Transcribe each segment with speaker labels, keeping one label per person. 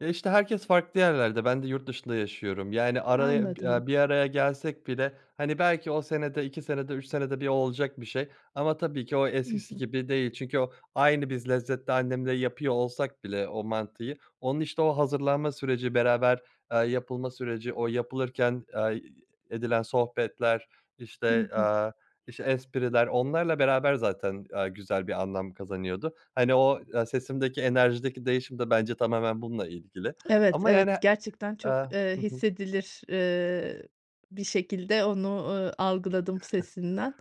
Speaker 1: Ya, işte, herkes farklı yerlerde, ben de yurt dışında yaşıyorum. Yani, araya,
Speaker 2: Anladım.
Speaker 1: eee, bir araya gelsek bile, hani, belki o senede, 2 senede, 3 senede bir olacak bir şey ama tabii ki o
Speaker 2: I
Speaker 1: eskisi
Speaker 2: hı.
Speaker 1: gibi değil. Çünkü o aynı biz lezzette annemle yapıyor olsak bile o mantıyı, onun, işte, o hazırlanma süreci, beraber, eee, yapılma süreci, o yapılırken, eee, ı edilen sohbetler,
Speaker 2: Hı
Speaker 1: işte,
Speaker 2: hı.
Speaker 1: eee, işte, espriler onlarla beraber zaten, eee, güzel bir anlam kazanıyordu. Hani o, eee, sesimdeki, enerjideki değişim de bence tamamen bununla ilgili
Speaker 2: Evet,
Speaker 1: ama, yani.
Speaker 2: evet, gerçekten
Speaker 1: Eee
Speaker 2: çok, eee,
Speaker 1: Hı hı.
Speaker 2: hissedilir, eee, bir şekilde onu, eee, algıladım sesinden.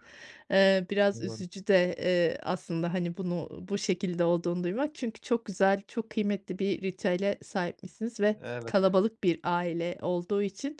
Speaker 2: Eee, biraz
Speaker 1: Doğru.
Speaker 2: üzücü de, eee, aslında, hani, bunu bu şekilde olduğunu duymak. Çünkü çok güzel, çok kıymetli bir ritüele sahipmişsiniz ve
Speaker 1: Evet.
Speaker 2: kalabalık bir aile olduğu için,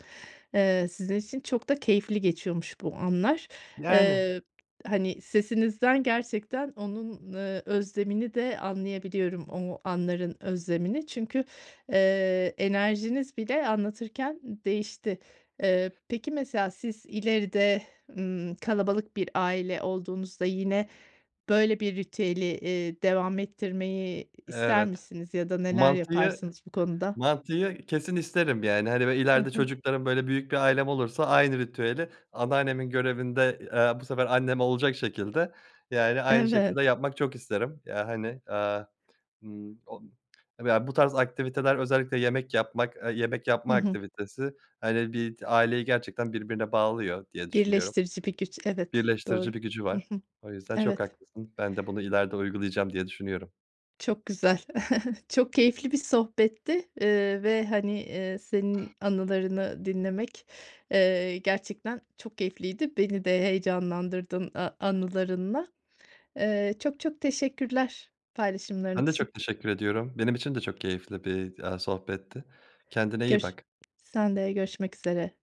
Speaker 2: eee, sizin için çok da keyifli geçiyormuş bu anlar.
Speaker 1: Yani.
Speaker 2: Eee, hani, sesinizden gerçekten onun, eee, özlemini de anlayabiliyorum o anların özlemini. Çünkü, eee, enerjiniz bile anlatırken değişti. Eee, peki, mesela, siz ileride, ımm, kalabalık bir aile olduğunuzda yine böyle bir ritüeli, iii, devam ettirmeyi ister
Speaker 1: Evet,
Speaker 2: misiniz ya da neler
Speaker 1: mantıyı
Speaker 2: yaparsınız bu konuda?
Speaker 1: mantıyı kesin isterim. Yani, hani, böyle
Speaker 2: Hı
Speaker 1: ileride
Speaker 2: hı.
Speaker 1: çocuklarım, böyle büyük bir ailem olursa aynı ritüeli anneannemin görevinde, eee, bu sefer annem olacak şekilde, yani, aynı
Speaker 2: Evet.
Speaker 1: şekilde yapmak çok isterim ya, hani, eee, ımm, o ya bu tarz aktiviteler, özellikle yemek yapmak, eee, yemek
Speaker 2: Hı
Speaker 1: yapma
Speaker 2: hı.
Speaker 1: aktivitesi, hani, bir aileyi gerçekten birbirine bağlıyor diye düşünüyorum.
Speaker 2: Birleştirici bir güç, evet,
Speaker 1: Birleştirici
Speaker 2: doğru,
Speaker 1: bir gücü
Speaker 2: hı
Speaker 1: var,
Speaker 2: hı,
Speaker 1: o yüzden çok
Speaker 2: evet.
Speaker 1: haklısın, ben de bunu ileride uygulayacağım diye düşünüyorum.
Speaker 2: Çok güzel, çok keyifli bir sohbetti, eee, ve hani, eee, senin anılarını dinlemek, eee, gerçekten çok keyifliydi. Beni de heyecanlandırdın a anılarınla. Eee, çok, çok teşekkürler paylaşımların
Speaker 1: Ben de
Speaker 2: için.
Speaker 1: çok teşekkür ediyorum. Benim için de çok keyifli bir, eee, sohbetti. Kendine iyi
Speaker 2: Görş
Speaker 1: bak.
Speaker 2: sen de görüşmek üzere.